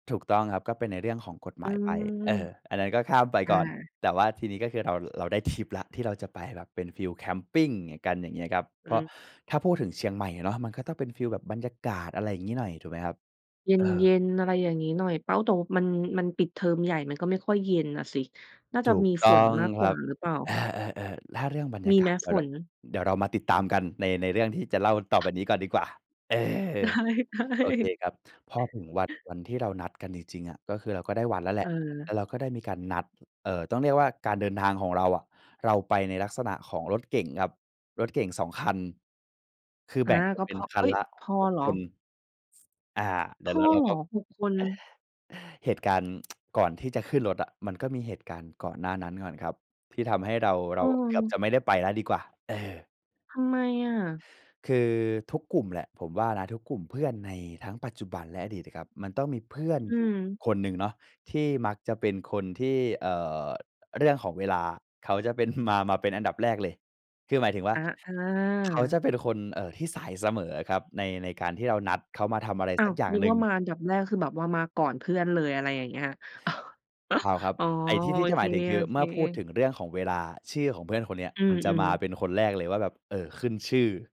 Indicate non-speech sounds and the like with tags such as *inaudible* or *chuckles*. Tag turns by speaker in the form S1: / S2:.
S1: ถูกต้องครับ ก็เป็นในเรื่องของกฎหม
S2: อื
S1: ายไป
S2: ม
S1: เอ่อ อันนั้นก็ข้ามไป
S2: อ
S1: ก่อน
S2: า
S1: แต่ว่าทีนี้ก็คือเรา เราได้ทริปแล้วที่เราจะไป แบบเป็นฟีลแคมปิง อย่างกัน อย่างเงี้ยครับ เ
S2: อื
S1: พราะ
S2: ม อ
S1: ถ้าพูดถึง
S2: อ
S1: เ
S2: ื
S1: ชีย
S2: ม
S1: งใหม่เนาะ มันก็ต้องเป็นฟีลแบบบรรยากาศ อะไรอย่างงี้หน่อย ถูกไหมครับ
S2: เ
S1: เออ
S2: ย็น ๆ อะไรอย่างงี้หน่อย เป้าตรงมัน มันปิดเทอมใหญ่ มันก็ไม่ค่อยเย็นน่ะสิ น่า
S1: ถ
S2: จะ
S1: ูก
S2: มี
S1: ต้
S2: ฝ
S1: อ
S2: น
S1: ง
S2: มากก
S1: ค
S2: ว
S1: รั
S2: ่า
S1: บ
S2: หรือเปล่า?
S1: เออ ๆ ๆ ถ้าเรื่องบรรย
S2: ม
S1: า
S2: ี
S1: ก
S2: ไ
S1: า
S2: หม
S1: ศ เดี๋
S2: ฝ
S1: ยวละ
S2: น?
S1: เดี๋ยวเรามาติดตามกันใน ในเรื่องที่จะเล่าต่อไปนี้ก่อนดีกว่า เออ
S2: ได้
S1: โอเคครับ พอ
S2: ๆ
S1: ถึงวัน วันที่เรานัดกันจริง ๆ อะ ก็คือเราก็ได้วัดแล้วแหละ แล้
S2: เออ
S1: วเราก็ได้มีการนัด เอ่อ ต้องเรียกว่าการเดินทางของเราอะ เราไปในลักษณะของรถเก๋งครับ รถเก๋ง 2 คัน คือ
S2: อ
S1: แ
S2: า
S1: บ่งกั
S2: ก
S1: น
S2: ็
S1: เป็
S2: พ
S1: น
S2: อ
S1: คั
S2: เอ
S1: น
S2: ๊ย!
S1: ละ
S2: พอ
S1: 6
S2: เหร
S1: ค
S2: อ?
S1: น อ่า เดี
S2: พ
S1: ๋ยวเ
S2: อ
S1: รา เรา
S2: เหร
S1: ก
S2: อ
S1: ็
S2: 6 คน?
S1: เหตุการณ์ *tsk* ก่อนที่จะขึ้นรถอะ มันก็มีเหตุการณ์ก่อนหน้านั้นก่อนครับ ที่ทำให้เรา เ
S2: อ
S1: ร
S2: ื
S1: าเกือบจ
S2: ม
S1: ะไม่ได้ไปแล้วดีกว่า เออ
S2: ทำไมอะ?
S1: คือ ทุกกลุ่มแหละ ผมว่านะทุกกลุ่มเพื่อนในทั้งปัจจุบันและอดีตอะครับ มันต้องมีเพื่อน
S2: อื
S1: อยู่
S2: ม
S1: คนหนึ่งเนาะ ที่มักจะเป็นคนที่ เอ่อ เรื่องของเวลาเขาจะเป็น *chuckles* มา มาเป็นอันดับแรกเลย คือหมายถึงว่า
S2: อา อ
S1: เขา
S2: า
S1: จะเป็นคน เอ่อ ที่สายเสมออะครับ ใน ในการที่เรานัดเขามาทำอะไร
S2: อ้า
S1: สั
S2: ว
S1: กอย่าง
S2: นึก
S1: หนึ
S2: ว
S1: ่
S2: ่
S1: ง
S2: ามาอันดับแรกคือแบบว่ามาก่อนเพื่อนเลย อะไรอย่างเงี้ย *chuckles*
S1: เปล่าครับ
S2: อ๋อ
S1: ไอ้ที่ ท
S2: โ
S1: ี
S2: อ
S1: ่จะ
S2: เ
S1: ห
S2: ค
S1: มายถึงคือ เมื่อพูดถ
S2: ๆ
S1: ึงเรื่องของเวลา ชื่อของเพื่อนคนนี้
S2: อื
S1: มันจะม
S2: ม
S1: า
S2: ๆ
S1: เป็นคนแรกเลยว่าแบบ เอ่อ ขึ้นชื่อ